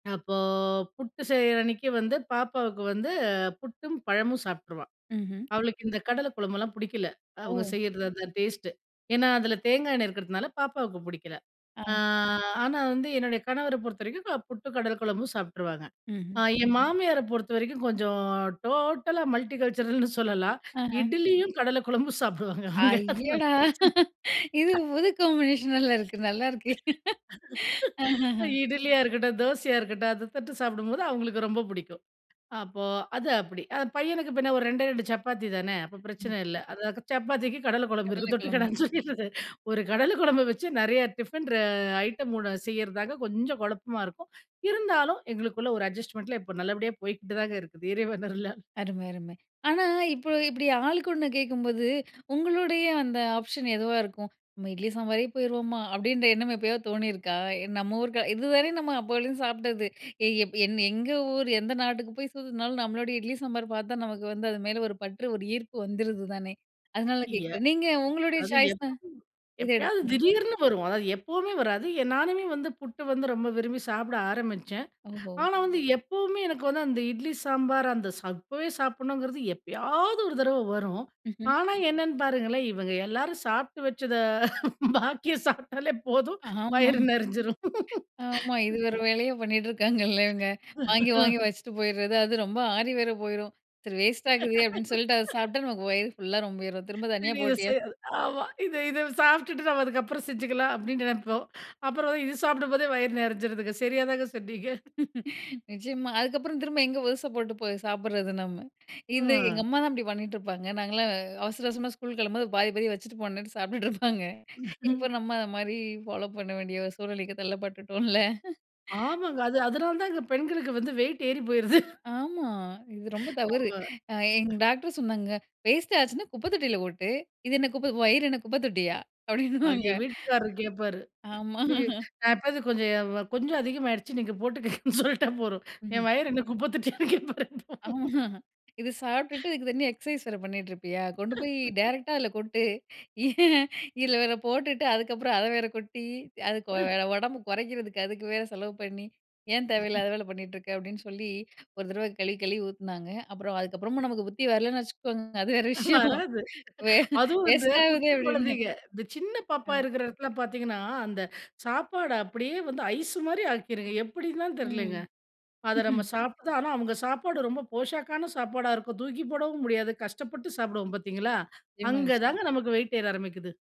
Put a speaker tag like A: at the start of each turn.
A: அப்போ, புட்டு செய்ற அன்னைக்கு வந்து பாப்பாவுக்கு வந்து புட்டும் பழமும் சாப்பிட்டுருவா.
B: ம்ஹ்ம்.
A: அவளுக்கு இந்த கடல குழம்புலாம் புடிக்கல. அவங்க
B: ஓ!
A: செய்றது, அந்த டேஸ்ட்டு. ஏன்னா, அதில தேங்காய் எண்ணெய் இருக்கிறதுனால பாப்பாவுக்கு புடிக்கல. ஆ
B: ஆஹ.
A: ஆனா வந்து என்னுடைய கணவர பொறுத்தவரைக்கும், அ புட்டு கடல குழம்பும் சாப்பிட்டுருவாங்க.
B: ம்ஹ்ம்.
A: ஆ என் மாமியார பொறுத்த வரைக்கும் கொஞ்சம் டோட்டலா மல்டிகல்ச்சுரல்னு சொல்லலாம்.
B: அஹ.
A: இட்லியும் கடல குழம்பு சாப்பிடுவாங்க அவங்க அதனால
B: அய்யடா!
A: பிரச்சனை
B: இது புது காம்பினேஷன்னால இருக்கு, நல்லா இருக்கே. அஹஹா.
A: இட்லியா இருக்கட்டும், தோசையா இருக்கட்டும் அத தொட்டு சாப்பிடும்போது அவங்களுக்கு ரொம்ப புடிக்கும். அப்போ, அது அப்டி. பையனுக்கு பின்ன ஒரு 2டே 2 சப்பாத்தி தானே அப்போ
B: ம்.
A: பிரச்சனை இல்ல. அது சப்பாத்திக்கு கடல குழம்பு இருக்குது
B: கடலை கிழம்பு.
A: தொட்டுக்கடான்னு சொல்லிடறது, ஒரு கடலை குழம்பு வச்சு நறையா டிஃபன் ர ஐட்டம் செய்றதாங்க கொஞ்சம் குழப்பமா இருக்கும். இருந்தாலும், எங்களுக்குள்ள ஒரு அட்ஜஸ்ட்மென்ட்ல இப்ப நல்லபடியா போய்க்கிட்டுதாங்க இருக்குது இறைவன் அருளால.
B: அரும, அரும. ஆனா, இப்ப இப்டி ஆளுக்கு ஒண்ணு கேட்கும்போது, உங்களுடைய அந்த ஆப்ஷன் எதுவா இருக்கும். நம்ம இட்லி சாம்பாரே போயிருவோமா? அப்டின்ற எண்ணம் எப்பயோ தோணியிருக்கா? நம்ம ஊரு இது வரையும் நம்ம அப்போலேந்து சாப்பிட்டது. ஏய் எங் எங்க ஊர், எந்த நாட்டுக்கு போய் சுத்துனாலும் நம்மளுடைய இட்லி, சாம்பார் பார்த்தா நமக்கு வந்து அது மேல ஒரு பற்று ஒரு ஈர்ப்பு வந்துருது தானே! அதனால
A: ய
B: கேட்கிறேன் நீங்க உங்களுடைய
A: அது எப்ப
B: சாய்ஸ்னா, எத
A: எப்பயாவது
B: எடுப்பீங்க?
A: திடீர்னு வரும். அதாவது எப்பவுமே வராது. நானுமே வந்து புட்டு வந்து ரொம்ப விரும்பி சாப்பிட ஆரம்பிச்சேன்.
B: ஓஹோ!
A: ஆனா வந்து, எப்பவுமே எனக்கு வந்து அந்த இட்லி சாம்பார் அந்த சப்பவே சாப்பிடணுங்கிறது, எப்பயாவது ஒரு தடவ வரும்.
B: ம்ஹ்ம்.
A: ஆனா, என்னன்னு பாருங்களேன் இவங்க எல்லாரும் சாப்பிட்டு வச்சது பாக்கிய சாப்பிட்டாலே போதும்
B: ஆமா,
A: வயிறு நெறிஞ்சிரும்.
B: ஆமா. இது வேற வேலையே பண்ணிட்டு இருக்காங்கல்ல இவங்க, வாங்கி வாங்கி வச்சுட்டு போயிருது, அது ரொம்ப ஆறி வேற போயிரும் சரி வேஸ்ட் ஆகுதே அப்டின்னு சொல்ட்டு அத சாப்பிட்டா நமக்கு வயிறு ஃபுல்லா ரொம்பிரும் திரும்ப தனியா போட்டியா
A: [unintelligible] ஆமா. இத இத சாப்பிட்டுட்டு நம்ம அதுக்கப்புறம் செஞ்சுக்கலாம் அப்டின்னு நெனைப்போம். அப்புறம் இது சாப்பிடும்போதே வயிறு நெறைஞ்சுருதுங்க. சரியாதாங்க சொன்னீங்க.
B: நிச்சியமா. அதுக்கப்புறம் திரும்ப எங்கே புதுசா போட்டு போய் சாப்பிடுறது நம்ம. இது எங்க
A: ம்.
B: அம்மாதான் இப்டி பண்ணிகிட்டுருப்பாங்க. நாங்கலாம் அவசர அவசரமா ஸ்கூல் கிளம்பும்போது, பாதி பாதி வச்சுட்டு போணும்ட்டு சாப்பிட்டுட்டு இருப்பாங்க. இப்போ நம்ம அந்த மாரி ஃபாலோ பண்ண வேண்டிய சூழ்நிலைக்கு தள்ளப்பட்டுட்டோம்ல.
A: ஆமாங்க. அது அதனால தான் பெண்களுக்கு வந்து வெய்ட் ஏறி போயிருது.
B: ஆமா. இது ரொம்ப தவறு.
A: நம்ம
B: அ எங்க டாக்டர் சொன்னாங்க, வேஸ்ட்டாச்சுனா குப்பை தொட்டியில கொட்டு இது என்ன குப்ப வயிறு என்ன குப்ப தொட்டியா?
A: அது
B: அப்டின்னுவாங்க.
A: என் வீட்டுக்காரு கேட்பாரு.
B: ஆமா.
A: ஏ நான் எப்பாவது கொஞ்சம் கொஞ்சம் அதிகமாயிருச்சு நீங்க போட்டுக்கங்கன்னு சொல்லிட்டா போதும்,
B: ம்.
A: என் வயிற என்ன குப்ப தட்டியான்னு கேட்பார் இப்போ.
B: ஆமா. இது சாப்பிட்டுட்டு, இதுக்கு தனியா எக்ஸைஸ் வேற பண்ணிட்டு இருப்பியா? கொண்டு போய் டேரக்ட்டா அதில கொட்டு. ஏ இதில வேற போட்டுட்டு அதுக்கப்புறம் அத வேற கொட்டி, அது கொ
A: அ.
B: உடம்பு குறைக்கிறதுக்கு அதுக்கு வேற செலவு பண்ணி ஏன் தேவையில்லாத வேல பண்ணிட்டு இருக்க அப்டின்னு சொல்லி, ஒரு தடவ கழுவி கழுவி ஊத்துனாங்க. அப்புறம் அதுக்கப்புறமும் நமக்கு புத்தி வரலன்னு வச்சுக்கோங்க அது வேற விஷயம்.
A: வராது,
B: வே
A: அதுவும் வந்து
B: வேஸ்ட் ஆவுதே
A: குட்டி
B: அப்டின்னு.
A: குழந்தைங்க இந்த சின்ன பாப்பா
B: அ.
A: இருக்கிற இடத்துல பார்த்தீங்கன்னா, அந்த சாப்பாடு அப்டியே வந்து ஐஸ் மாரி ஆக்கிருங்க எப்டின்னு தான் தெரியலங்க.
B: ம்.
A: அத நம்ம சாப்பிட ஆனா, அவங்க சாப்பாடு ரொம்ப போஷாக்கான சாப்பாடா இருக்கும். தூக்கி போடவும் முடியாது கஷ்டப்பட்டு சாப்பிடுவோம் பார்த்தீங்களா?
B: நிச்சியமா,
A: அங்கதாங்க
B: நிச்சியம்.
A: நமக்கு வெயிட் ஏற ஆரம்பிக்குது.